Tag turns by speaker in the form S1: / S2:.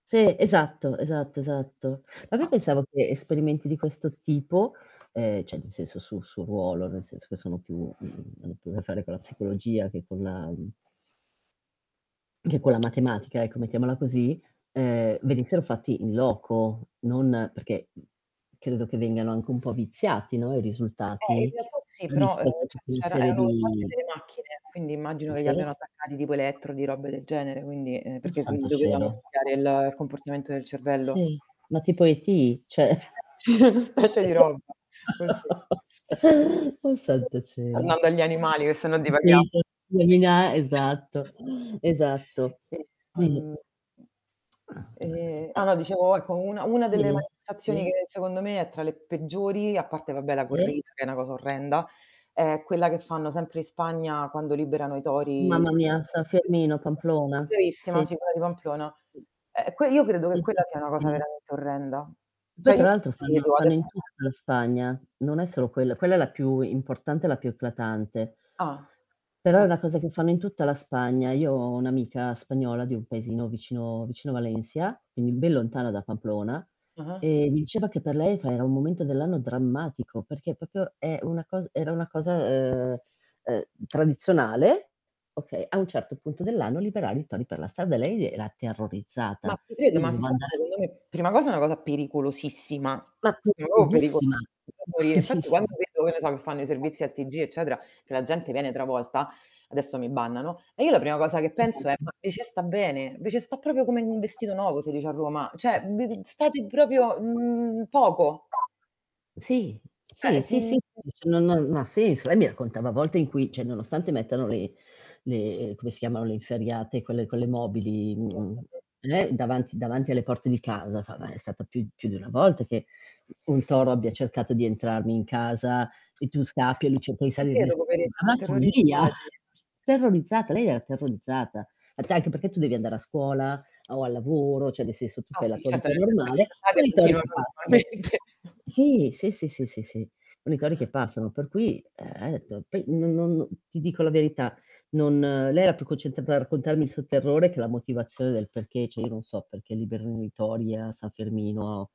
S1: Sì, esatto, esatto, esatto. Ma poi pensavo che esperimenti di questo tipo, ehm, cioè nel senso sul suo ruolo, nel senso che sono più, mhmm, più a che fare con la psicologia che con la che con la matematica, ecco, mettiamola così, ehm, venissero fatti in loco. Non perché, mhmm, credo che vengano anche un po' viziati, no, i
S2: Eh in
S1: risultati,
S2: realtà sì, però, ehm,
S1: rispetto a
S2: c'è
S1: tutta una
S2: c'erano
S1: serie
S2: erano fatte
S1: di
S2: delle macchine, quindi immagino che li
S1: sì?
S2: abbiano attaccati tipo elettrodi, robe del genere, quindi, ehm,
S1: Oh
S2: perché, mhmm,
S1: Santo
S2: dovevano
S1: cielo!
S2: studiare il comportamento del cervello.
S1: Sì, ma tipo ET, cioè
S2: Eh sì, una specie di
S1: esa
S2: roba così.
S1: oh Santo cielo.
S2: Tornando agli
S1: [unintelligible]
S2: animali che sennò divaghiamo.
S1: Esatto, esatto.
S2: Sì,
S1: Sì.
S2: ehm, ehm, ah no dicevo ecco, una una
S1: Sì.
S2: delle manifestazioni
S1: Sì.
S2: che secondo me è tra le peggiori, a parte vabbè la
S1: Sì?
S2: corrida che è una cosa orrenda, è quella che fanno sempre in Spagna quando liberano i tori
S1: Mamma mia, San Fermin, a Pamplona. Sì.
S2: bravissima sì, quella di Pamplona. Eh que io credo che
S1: Sì, sì.
S2: quella sia una cosa
S1: [unintelligible]
S2: veramente orrenda.
S1: Beh,
S2: Cioè io
S1: tra l'altro
S2: mi
S1: fanno
S2: chiedo
S1: fanno
S2: adesso
S1: in tutta la Spagna. Non è solo quello quella è la più importante, la più eclatante.
S2: Ah.
S1: Però è
S2: E
S1: una cosa che fanno in tutta la Spagna. Io ho un'amica spagnola, di un paesino vicino vicino a Valencia, quindi ben lontana da Pamplona,
S2: Mh-mh.
S1: e mi diceva che per lei fa era un momento dell'anno drammatico, perché proprio è una cos era una cosa, ehm, ehm, tradizionale, okay. A un certo punto dell'anno liberare i tori per la strada, lei era
S2: Ma
S1: terrorizzata.
S2: ti credo,
S1: Io
S2: ma
S1: dovevo
S2: infatti
S1: anda
S2: secondo me prima cosa, è una cosa pericolosissima.
S1: Ma è
S2: Ma proprio pericolosa
S1: pericolosissima,
S2: da morire, infatti quando
S1: [unintelligible]
S2: vedo, che ne so, che fanno i servizi al TG eccetera, che la gente viene travolta, adesso mi bannano, e io la prima cosa che penso è: "Ma eh
S1: E
S2: ce sta bene, ve ce sta proprio come in un vestito nuovo si dice a Roma", cioè [unintelligible] state proprio, mhmm, poco.
S1: Sì, sì,
S2: Eh
S1: sì, sì,
S2: [unintelligible]
S1: [unintelligible] no non ha senso. Lei mi raccontava a volte in cui, cioè nonostante mettano le le come si chiamano? Le inferriate quelle quelle mobili, mhmm,
S2: Sì [unintelligible]
S1: non è davanti davanti alle porte di casa, fa ma è stata più più di una volta che un toro abbia cercato di entrarmi in casa, il più scappi,
S2: Eh ti
S1: [unintelligible]
S2: credo
S1: ma
S2: poveretti, sò
S1: la follia.
S2: terrorizzati.
S1: Terrorizzata, lei era terrorizzata. Ha detto anche perché tu devi andare a scuola o al lavoro, cioè nel senso tu
S2: Ah
S1: fai la
S2: sì,
S1: tua
S2: certo,
S1: vita
S2: nel senso
S1: normale,
S2: che
S1: con i tori
S2: [unintelligible]
S1: che
S2: normalmente.
S1: passano. Sì, sì, sì, sì, sì, sì, con i tori che passano. Per cui, [unintelligible] poi no non no ti dico la verità, non lei era più concentrata a raccontarmi il suo terrore che la motivazione del perché, cioè io non so perché liberino i tori, a San Fermino.